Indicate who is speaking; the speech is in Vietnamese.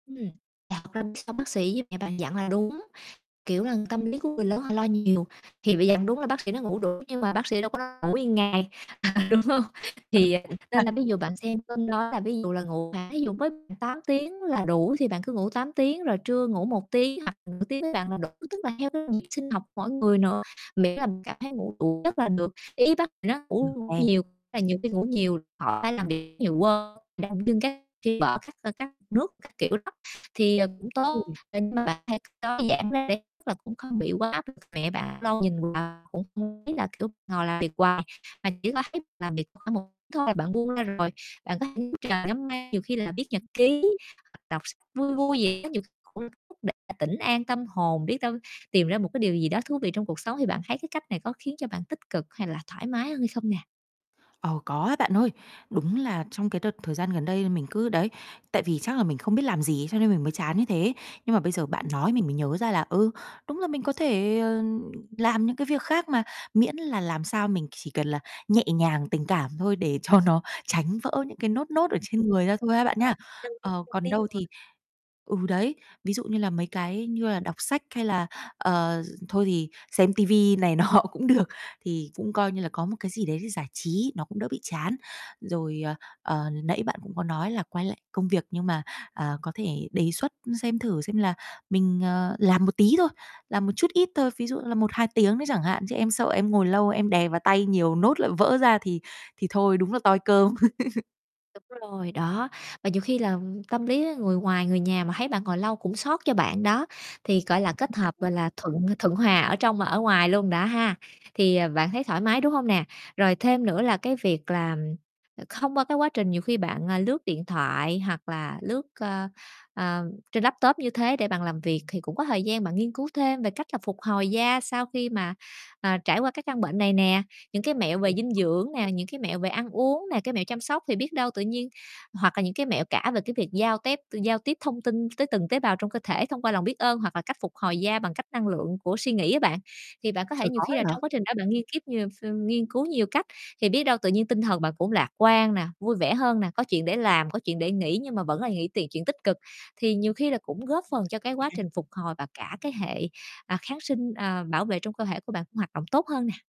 Speaker 1: Ừm, [unintelligible] bác sĩ với mẹ bạn dặn là đúng, kiểu là, tâm lý của người lớn họ lo nhiều thì phải dặn. Đúng là bác sĩ nói ngủ đủ nhưng mà bác sĩ đâu có nói ngủ nguyên ngày, à, đúng hông?
Speaker 2: Ừ,
Speaker 1: Thì, à,
Speaker 2: cũng a.
Speaker 1: nên là ví dụ bạn xem cân đo là ví dụ là ngủ, à, thí dụ mới 8 tiếng là đủ thì bạn cứ ngủ 8 tiếng rồi trưa ngủ 1 tiếng hoặc nửa tiếng với bạn là đủ, tức là theo cái nhịp sinh học mỗi người nữa, miễn là mình cảm thấy ngủ đủ giấc là được. Ý bác thì nó
Speaker 2: Ừ.
Speaker 1: ngủ
Speaker 2: À.
Speaker 1: nhiều, là nhiều khi ngủ nhiều, họ phải làm việc nhiều, quên [unintelligible] các [unintelligible] các nước, các kiểu đó, thì, ờ, cũng tốt,
Speaker 2: [unintelligible]
Speaker 1: [unintelligible] nó giảm [unintelligible] cũng không bị quá áp lực. Mẹ bạn lâu nhìn vào cũng không biết là, kiểu, ngồi làm việc hoài mà chỉ có thấy làm việc khoảng một chút thôi, bạn buông ra rồi, bạn có thể ngắm trời, ngắm mây, nhiều khi là viết nhật ký, hoặc đọc sách vui vui gì đó nhiều [unintelligible] để tĩnh an tâm hồn, biết đâu tìm ra một cái điều gì đó thú vị trong cuộc sống. Thì bạn thấy cái cách này có khiến cho bạn tích cực hay là thoải mái hơn hay không nè?
Speaker 2: Ờ, có á bạn ơi. Đúng là trong cái đợt thời gian gần đây mình cứ đấy, tại vì chắc là mình không biết làm gì cho nên mình mới chán như thế. Nhưng mà bây giờ bạn
Speaker 1: Ừm.
Speaker 2: nói mình mới nhớ ra là, ừ, đúng là mình có thể, ờ, làm những cái việc khác mà, miễn là làm sao mình chỉ cần là nhẹ nhàng, tình cảm thôi, để cho nó tránh vỡ những cái nốt nốt ở trên
Speaker 1: Đúng
Speaker 2: người ra thôi ha bạn
Speaker 1: rồi,
Speaker 2: nhá.
Speaker 1: lên tiếng
Speaker 2: Ờ,
Speaker 1: con
Speaker 2: còn
Speaker 1: tim
Speaker 2: đâu
Speaker 1: mình.
Speaker 2: thì ừ, đấy, ví dụ như là mấy cái như là đọc sách, hay là, ờ, thôi thì xem ti vi này nọ cũng được, thì cũng coi như là có một cái gì đấy để giải trí, nó cũng đỡ bị chán. Rồi, ờ, ờ, nãy bạn cũng có nói là quay lại công việc, nhưng mà, à, có thể đề xuất xem thử xem là mình, ờ, làm một tí thôi, làm một chút ít thôi, ví dụ là 1, 2 tiếng đấy chẳng hạn, chứ em sợ em ngồi lâu em đè vào tay nhiều, nốt lại vỡ ra thì thì thôi, đúng là toi cơm.
Speaker 1: Đúng rồi, đó, và nhiều khi là tâm lý người ngoài người nhà mà thấy bạn ngồi lâu cũng xót cho bạn đó, thì, gọi là, kết hợp, gọi
Speaker 2: [unintelligible]
Speaker 1: là, thuận thuận hòa ở trong và ở ngoài luôn đó ha, thì, ờ,
Speaker 2: [unintelligible]
Speaker 1: bạn thấy thoải mái, đúng hông nè? Rồi thêm nữa là cái việc là, không qua cái quá trình, nhiều khi bạn, à, lướt điện thoại hoặc là lướt, ơ, ờ trên laptop như thế để bạn làm việc, thì cũng có thời gian bạn nghiên cứu thêm về cách là phục hồi da sau khi mà, à, trải qua cái căn bệnh này nè, những cái mẹo
Speaker 2: Ừ.
Speaker 1: về dinh dưỡng nè, những cái mẹo về ăn uống nè, cái mẹo chăm sóc. Thì biết đâu tự nhiên hoặc là những cái mẹo cả về cái việc giao tép giao tiếp thông tin tới từng tế bào trong cơ thể thông qua lòng biết ơn hoặc là cách phục hồi da bằng cách năng lượng của suy nghĩ á bạn. Thì bạn có thể
Speaker 2: Trời,
Speaker 1: nhiều
Speaker 2: có
Speaker 1: khi
Speaker 2: ấy
Speaker 1: là trong
Speaker 2: hả?
Speaker 1: quá trình đó, bạn nghiên kiếp nhiều ph ưm, nghiên cứu nhiều cách, thì biết đâu tự nhiên tinh thần bạn cũng lạc quan nè, vui vẻ hơn nè, có chuyện để làm, có chuyện để nghĩ, nhưng mà vẫn là nghĩ tiện chuyện tích cực, thì nhiều khi là cũng góp phần cho cái quá trình
Speaker 2: [unintelligible]
Speaker 1: phục hồi và cả cái hệ, à, kháng sinh, à, bảo vệ trong cơ thể của bạn cũng hoạt động tốt hơn nè.